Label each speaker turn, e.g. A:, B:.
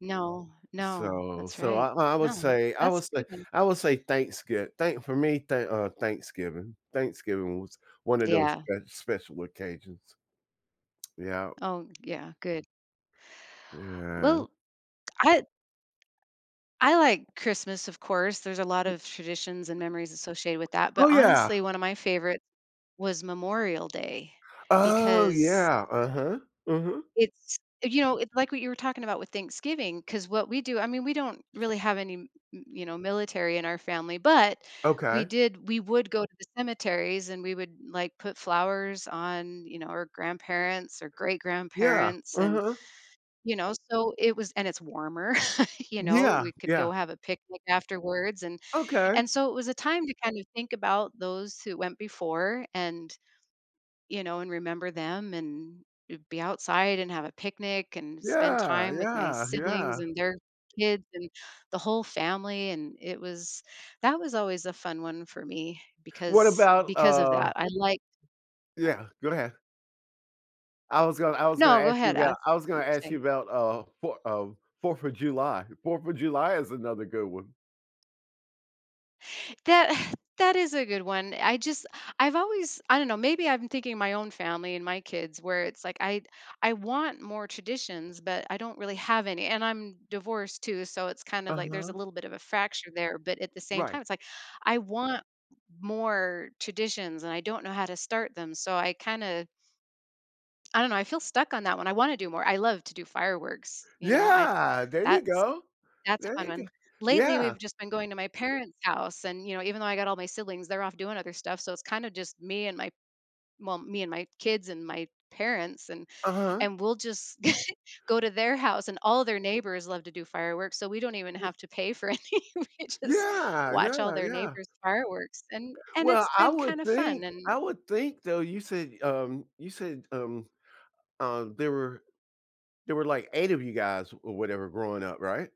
A: No, no,
B: So,
A: that's
B: so, I
A: right.
B: I would
A: No,
B: say I
A: that's
B: would
A: a
B: say
A: good one.
B: I would say thanksgi thank for me, thank uh, Thanksgiving. Thanksgiving was one of those
A: Yeah.
B: sp special occasions. Yep.
A: Oh, yeah, good.
B: Yeah.
A: Well, I I like Christmas, of course there's a lot of traditions and memories associated with that, but,
B: Oh, yeah.
A: honestly, one of my favorite was Memorial Day
B: Oh,
A: because
B: yeah, uh-huh, mhm.
A: it's, you know it's like what you were talking about with Thanksgiving 'cause what we do I mean, we don't really have any, m m you know, military in our family, but we
B: Okay.
A: did we would go to the cemeteries and we would, like, put flowers on, you know, our grandparents or great
B: Yeah.
A: grandparents, and,
B: Uh-huh.
A: you know so it was and it's warmer, you know,
B: Yeah.
A: we could go
B: Yeah.
A: have a picnic afterwards, and
B: Okay.
A: and so, it was a time to kind of think about those who went before and, you know, and remember them and, eh be outside and have a picnic and spend
B: Yeah,
A: time with my
B: yeah,
A: siblings
B: yeah.
A: and their kids and the whole family, and it was that was always a fun one for me
B: What
A: because
B: about,
A: because of
B: uh
A: that, I'd like
B: Yeah, go ahead. I was gonna I was gonna
A: No go
B: ask you
A: ahead, ask
B: about I
A: me
B: was
A: what
B: gonna
A: you're
B: ask
A: saying.
B: you about, uh, 4, uh, 4th of July 4th of July is another good one.
A: That that is a good one, I just I've always I don't know, maybe I'm thinking my own family and my kids where it's like, I I want more traditions, but I don't really have any, and I'm divorced too, so it's kind of like there's a
B: Uh-huh.
A: little bit of a fracture there, but at the same
B: Right.
A: time, it's like, I want more traditions and I don't know how to start them, so I kinda I don't know, I feel stuck on that one, I wanna do more, I love to do fireworks, you know, I’d
B: Yeah, there you
A: that's
B: go.
A: that's a
B: There
A: fun
B: you
A: one.
B: g
A: Lately,
B: Yeah.
A: we've just been going to my parents' house and, you know, even though I got all my siblings, they're off doing other stuff so, it's kind of just me and my, well, me and my kids and my parents, and
B: Uh-huh.
A: and we'll just go to their house and all their neighbors love to do fireworks so we don't even
B: Ye
A: have to pay for any, we just
B: Yeah,
A: watch all
B: yeah,
A: their
B: yeah.
A: neighbors fireworks, and and
B: Well,
A: it's
B: I
A: been
B: would
A: kinda fun,
B: think,
A: and
B: I would think, though, you said, um, you said, um um, there were there were, like, 8 of you guys or whatever growing up, right?